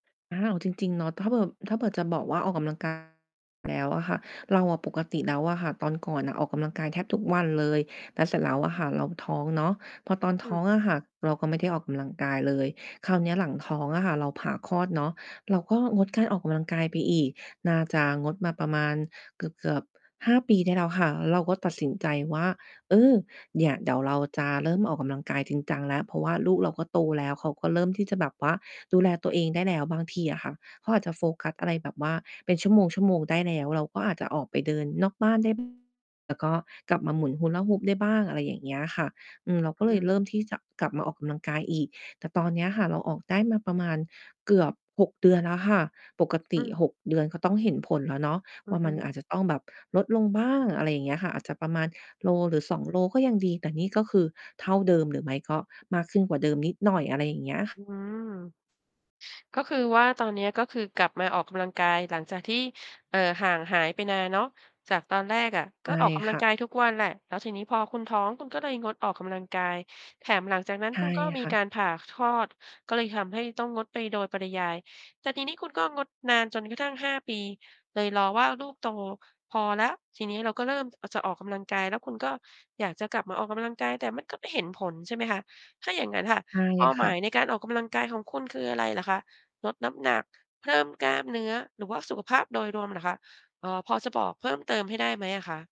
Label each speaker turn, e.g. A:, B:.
A: อ้าว จริง ๆ เนาะ ถ้าเผื่อ ถ้าเผื่อจะบอกว่า ออกกำลัง กาย แล้วอะค่ะ เราอะ ปกติแล้วอะค่ะ ตอนก่อนอะออกกำลังกายแทบทุกวันเลย แล้ว เสร็จแล้วอะค่ะเราท้องเนาะ พอตอน
B: อ
A: ท
B: ื
A: ้อ
B: ม
A: งอะค่ะเราก็ไม่ได้ออกกำลังกายเลย คราวเนี้ยหลังท้องอะค่ะเราผ่าคลอดเนาะ เราก็งดการออกกำลังกายไปอีก น่าจะงดมาประมาณเกือบ ๆ 5 ปีได้แล้วค่ะ เราก็ตัดสินใจว่า เออ เนี่ย เดี๋ยวเราจะเริ่มออกกำลังกายจริงจังแล้ว เพราะว่าลูกเราก็โตแล้ว เขาก็เริ่มที่จะแบบว่าดูแลตัวเองได้แล้ว บางทีอะค่ะเขาอาจจะโฟกัสอะไรแบบว่าเป็นชั่วโมง ๆ ได้แล้ว เราก็อาจจะออกไปเดินนอกบ้านได้ บ้าง แล้วก็กลับมาหมุน Hula hoop ได้บ้าง อะไรอย่างเงี้ยค่ะ อือ เราก
B: อ
A: ็เล
B: ื
A: ยเริ่
B: ม
A: มที่จะกลับมาออกกำลังกายอีก แต่ตอนเนี้ยค่ะ เราออกได้มาประมาณเกือบ 6 เดือนแล้วค่ะ ปกต
B: อื
A: ิ
B: ม
A: 6 เดือนก็ต้องเห็นผลแล้วเนาะ
B: อ
A: ว
B: ื
A: ่
B: อ
A: า
B: ฮ
A: มั
B: ึ
A: นอาจจะต้องแบบลดลงบ้าง อะไรอย่างเงี้ยค่ะ อาจจะประมาณโลหรือ 2 โลก็ยังดี แต่นี่ก็คือเท่าเดิม หรือไม่ก็มากขึ้นกว่าเดิมนิดหน่อย อะไรอย่างเงี้ย ค
B: อืม ก็คือว่า ตอนเนี้ย ก็คือกลับมาออกกำลังกาย หลังจากที่ เอ่อ ห่างหายไปนานเนาะ จากตอนแรกอะ
A: ใช
B: ก็
A: ่
B: ออกกำ
A: ค
B: ลั
A: ่
B: ง
A: ะ
B: กายทุกวันแหละ แล้วทีนี้พอคุณท้อง คุณก็เลยงดออกกำลังกาย แถมหลังจากนั้น
A: ใช่
B: คุณก็มี
A: ค่ะ
B: การผ่าคลอด ก็เลยทำให้ต้องงดไปโดยปริยาย แต่ทีนี้ คุณก็งดนานจนกระทั่ง 5 ปีเลย รอว่าลูกโตพอแล้ว ทีนี้ เราก็เริ่ม อ จะออกกำลังกายแล้ว คุณก็อยากจะกลับมาออกกำลังกาย แต่มันก็ไม่เห็นผล ใช่ไหมคะ? ถ้าอย่าง งั้น ค่ะ
A: ใช่
B: เป้า
A: ค
B: หม
A: ่
B: าย
A: ะ
B: ในการออกกำลังกายของคุณคือ อะไร เหรอคะ? ลด น้ำหนัก เพิ่มกล้าม เนื้อ หรือว่าสุขภาพโดยรวมเหรอคะ? เอ่อ พอจะ บอกเพิ่มเติม ให้ได้ไหมอะคะ?